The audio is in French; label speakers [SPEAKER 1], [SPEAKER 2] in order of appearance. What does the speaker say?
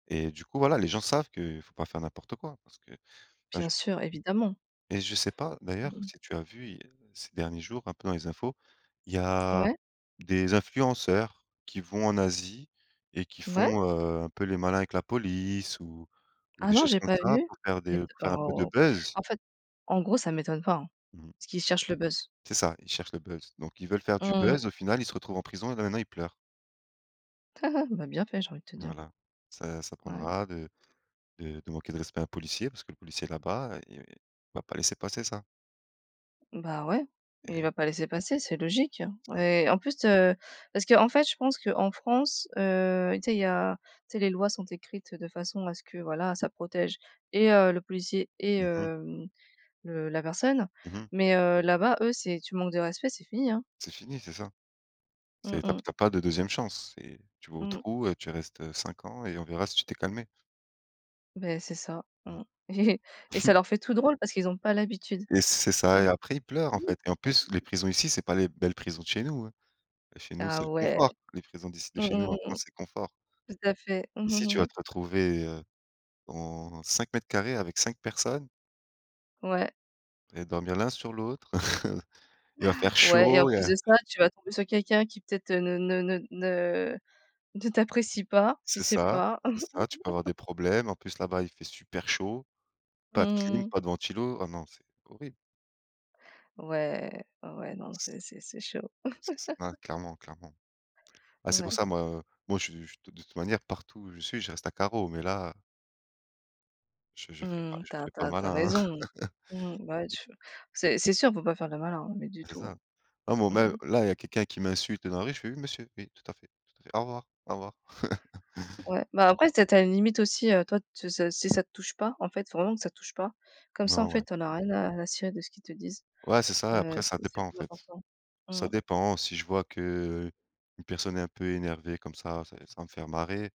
[SPEAKER 1] Et du coup, voilà, les gens savent que faut pas faire n'importe quoi, parce que, enfin,
[SPEAKER 2] Bien
[SPEAKER 1] j
[SPEAKER 2] sûr, évidemment.
[SPEAKER 1] et je sais pas,
[SPEAKER 2] Mmh
[SPEAKER 1] d'ailleurs,
[SPEAKER 2] mh.
[SPEAKER 1] si tu as vu, il y ces derniers jours, un peu, dans les infos, il y a
[SPEAKER 2] Ouais.
[SPEAKER 1] des influenceurs qui vont en Asie et qui
[SPEAKER 2] Ouais.
[SPEAKER 1] font, heu, un peu les malins avec la police ou ou
[SPEAKER 2] Ah,
[SPEAKER 1] des
[SPEAKER 2] non,
[SPEAKER 1] choses
[SPEAKER 2] j'ai
[SPEAKER 1] comme
[SPEAKER 2] pas
[SPEAKER 1] ça
[SPEAKER 2] vu!
[SPEAKER 1] pour faire
[SPEAKER 2] Mais
[SPEAKER 1] des pour faire un peu de
[SPEAKER 2] oh,
[SPEAKER 1] buzz.
[SPEAKER 2] en fait, en gros, ça ne m'étonne pas, hein,
[SPEAKER 1] Mmh mh.
[SPEAKER 2] parce qu'ils cherchent le buzz.
[SPEAKER 1] C'est ça, ils cherchent le buzz. Donc ils veulent faire du
[SPEAKER 2] Mmh mh.
[SPEAKER 1] buzz. Au final, ils se retrouvent en prison et là, maintenant, ils pleurent.
[SPEAKER 2] Ben, bien fait, j'ai envie de te dire.
[SPEAKER 1] Voilà. Ça ça
[SPEAKER 2] Ouais.
[SPEAKER 1] apprendra de de de manquer de respect à un policier parce que le policier, là-bas, i il va pas laisser passer ça
[SPEAKER 2] Ben, ouais.
[SPEAKER 1] et
[SPEAKER 2] Mais il
[SPEAKER 1] heu
[SPEAKER 2] va pas laisser passer, c'est logique, hein,
[SPEAKER 1] Enfin.
[SPEAKER 2] et en plus heu, parce qu'en fait je pense qu'en France, heu, tu sais, il y a tu sais, les lois sont écrites de façon à ce que, voilà, ça protège et heu, le policier et
[SPEAKER 1] Mmh mh.
[SPEAKER 2] hem, le la personne
[SPEAKER 1] Mmh mh.
[SPEAKER 2] mais heu, là-bas, eux, c'est tu manques de respect, c'est fini, hein.
[SPEAKER 1] C'est fini. C'est ça.
[SPEAKER 2] Mmh
[SPEAKER 1] C'est tu as
[SPEAKER 2] mh.
[SPEAKER 1] tu as pas de 2e chance. C'est: tu vas au
[SPEAKER 2] Mmh.
[SPEAKER 1] trou et tu restes, heu, 5 ans et on verra si tu t'es calmé.
[SPEAKER 2] Beh, c'est ça. Mmh
[SPEAKER 1] Mmh.
[SPEAKER 2] et ça leur fait tout drôle parce qu'ils ont pas l'habitude.
[SPEAKER 1] Et c'est
[SPEAKER 2] Tu
[SPEAKER 1] ça et
[SPEAKER 2] vois?
[SPEAKER 1] après, ils pleurent, en fait et en plus, les prisons, ici, c'est pas les belles prisons de chez nous, hein. Chez nous, c'est
[SPEAKER 2] Ah,
[SPEAKER 1] le
[SPEAKER 2] ouais.
[SPEAKER 1] confort. Les prisons d'ici, de
[SPEAKER 2] Mmh
[SPEAKER 1] chez nous,
[SPEAKER 2] mh,
[SPEAKER 1] en
[SPEAKER 2] mmh mh.
[SPEAKER 1] France, c'est confort.
[SPEAKER 2] Tout à fait. Mmh,
[SPEAKER 1] Ici, tu
[SPEAKER 2] mmh mh.
[SPEAKER 1] vas te retrouver, heu, dans 5 m2 avec 5 personnes
[SPEAKER 2] Ouais.
[SPEAKER 1] et dormir l'un sur l'autre. Il va faire
[SPEAKER 2] Ouais et en
[SPEAKER 1] chaud et
[SPEAKER 2] plus de
[SPEAKER 1] heu
[SPEAKER 2] ça, tu vas tomber sur quelqu'un qui, peut-être, ne ne ne ne ne t'apprécie pas. Tu
[SPEAKER 1] C'est
[SPEAKER 2] sais
[SPEAKER 1] ça.
[SPEAKER 2] pas.
[SPEAKER 1] C'est ça. Tu peux avoir des problèmes. En plus, là-bas, il fait super chaud,
[SPEAKER 2] Mmh,
[SPEAKER 1] pas de clim,
[SPEAKER 2] mmh mh.
[SPEAKER 1] pas de ventilo. Ah non, c'est horrible.
[SPEAKER 2] Ouais. Ouais, non,
[SPEAKER 1] C
[SPEAKER 2] c'est c'est c'est chaud.
[SPEAKER 1] C'est [unintelligible] clairement clairement. Ah, c'est pour
[SPEAKER 2] Ouais.
[SPEAKER 1] ça, moi, heu, moi, je je de toute manière, partout où je suis, je reste à carreau, mais là je je ferai pas
[SPEAKER 2] Mmh.
[SPEAKER 1] je
[SPEAKER 2] Tu as
[SPEAKER 1] ferai
[SPEAKER 2] tu
[SPEAKER 1] pas le
[SPEAKER 2] as tu as
[SPEAKER 1] malin, hein.
[SPEAKER 2] raison. Mmh, bah, ouais, tu c'est c'est sûr, faut pas faire le malin, hein, mais, du
[SPEAKER 1] C'est
[SPEAKER 2] tout,
[SPEAKER 1] ça. Non, bon,
[SPEAKER 2] hein. Mmh
[SPEAKER 1] même,
[SPEAKER 2] mh.
[SPEAKER 1] là, il y a quelqu'un qui m'insulte dans la rue, je fais: «Oui, Monsieur, oui, tout à fait, tout à fait, au revoir, au revoir».
[SPEAKER 2] Ouais. Ben,
[SPEAKER 1] Je
[SPEAKER 2] après, c'est tu as tu as une limite aussi. Heu, toi, tu s si ça te touche pas. En fait, faut vraiment que ça te touche pas. Comme ça, en
[SPEAKER 1] Nan,
[SPEAKER 2] fait,
[SPEAKER 1] ouais.
[SPEAKER 2] tu en as rien à à cirer de ce qu'ils te disent.
[SPEAKER 1] Ouais, c'est ça et
[SPEAKER 2] Heu,
[SPEAKER 1] après ça
[SPEAKER 2] c'est c'est
[SPEAKER 1] dépend, en
[SPEAKER 2] plus
[SPEAKER 1] fait.
[SPEAKER 2] important. Mmh.
[SPEAKER 1] Ça dépend. Si je vois que, heu, une personne est un peu énervée comme ça ça va me faire marrer,